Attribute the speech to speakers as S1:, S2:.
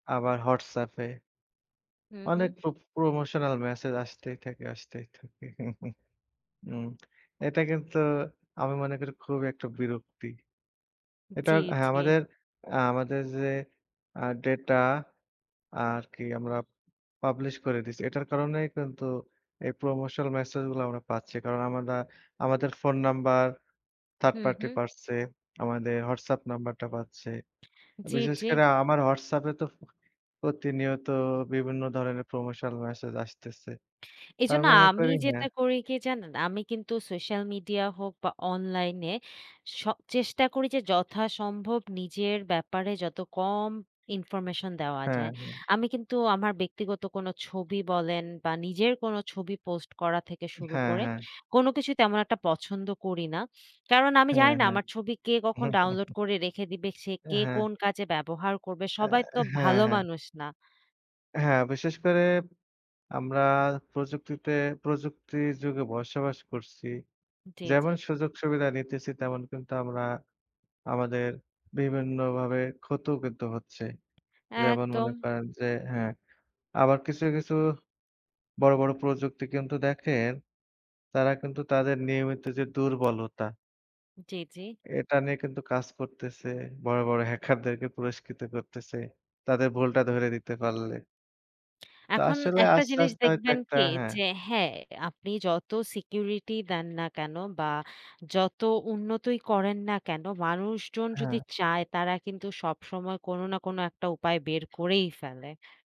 S1: আবার হোয়াটসঅ্যাপে
S2: হুম,
S1: অনেক
S2: হুম।
S1: প্র Promotional message আসতেই থাকে, আসতেই থাকে। উম এটা কিন্তু আমি মনে করি খুবই ১ টা বিরক্তি।
S2: জি,
S1: এটার হ্যাঁ,
S2: জি।
S1: আমাদের, আ আমাদের যে আ ডেটা আরকি, আমরা পাবলিশ করে দিছি, এটার কারণেই কিন্তু এই Promotional message গুলা আমরা পাচ্ছি। কারণ আমরা আমাদের phone number third
S2: hmm,
S1: party
S2: হুম।
S1: পাচ্ছে, তারা আমাদের হোয়াটসঅ্যাপ নাম্বারটা পাচ্ছে।
S2: জি,
S1: বিশেষ
S2: জি।
S1: করে আমার হোয়াটসঅ্যাপে তো ফো প্রতিনিয়ত বিভিন্ন ধরনের Promotional message আসতেছে। তার
S2: এজন্য
S1: মনে
S2: আমি
S1: করি
S2: যেটা
S1: হ্যাঁ।
S2: করি, কী জানেন? আমি কিন্তু সোশ্যাল মিডিয়া হোক বা অনলাইনে সব চেষ্টা করি যে, যথাসম্ভব নিজের ব্যাপারে যত কম Information দেওয়া
S1: হ্যাঁ,
S2: যায়।
S1: হ্যাঁ।
S2: আমি কিন্তু আমার ব্যক্তিগত কোনো ছবি বলেন, বা নিজের কোনো ছবি পোস্ট করা থেকে শুরু
S1: হ্যাঁ,
S2: করে,
S1: হ্যাঁ।
S2: কোনো কিছু তেমন একটা পছন্দ করি না। কারণ আমি জানি
S1: হ্যাঁ,
S2: না,
S1: হ্যাঁ।
S2: আমার ছবি কে কখন ডাউনলোড করে রেখে দেবে, সে কে
S1: হ্যাঁ।
S2: কোন কাজে ব্যবহার করবে।
S1: অ্যা
S2: সবাই তো
S1: হ্যাঁ,
S2: ভালো
S1: হ্যাঁ।
S2: মানুষ না।
S1: হ্যাঁ, বিশেষ করে আমরা প্রযুক্তিতে প্রযুক্তির যুগে বসবাস করছি।
S2: জি, জি।
S1: যেমন, সুযোগ-সুবিধা নিতেছি, তেমন কিন্তু আমরা আমাদের বিভিন্ন ভাবে ক্ষত কিন্তু হচ্ছে। যেমন মনে
S2: একদম
S1: করেন যে হ্যাঁ, আবার কিছু, কিছু বড়, বড় প্রযুক্তি কিন্তু দেখেন, তারা কিন্তু তাদের নিয়মিত যে দুর্বলতা
S2: জি, জি।
S1: এটা নিয়ে কিন্তু কাজ করতেছে। বড়, বড় হ্যাকারদেরকে পুরস্কৃত করতেছে। তাদের ভুলটা ধরে দিতে পারলে। তো
S2: এখন
S1: আসলে
S2: একটা
S1: আস্তে,
S2: জিনিস
S1: আস্তে হয়তো
S2: দেখবেন
S1: ১ টা
S2: কি
S1: হ্যাঁ।
S2: যে হ্যাঁ, আপনি যত সিকিউরিটি দেন না কেন, বা যত উন্নতই করেন না কেন, মানুষজন যদি
S1: হ্যাঁ।
S2: চায়, তারা কিন্তু সবসময় কোনো না কোনো একটা উপায় বের করেই ফেলে।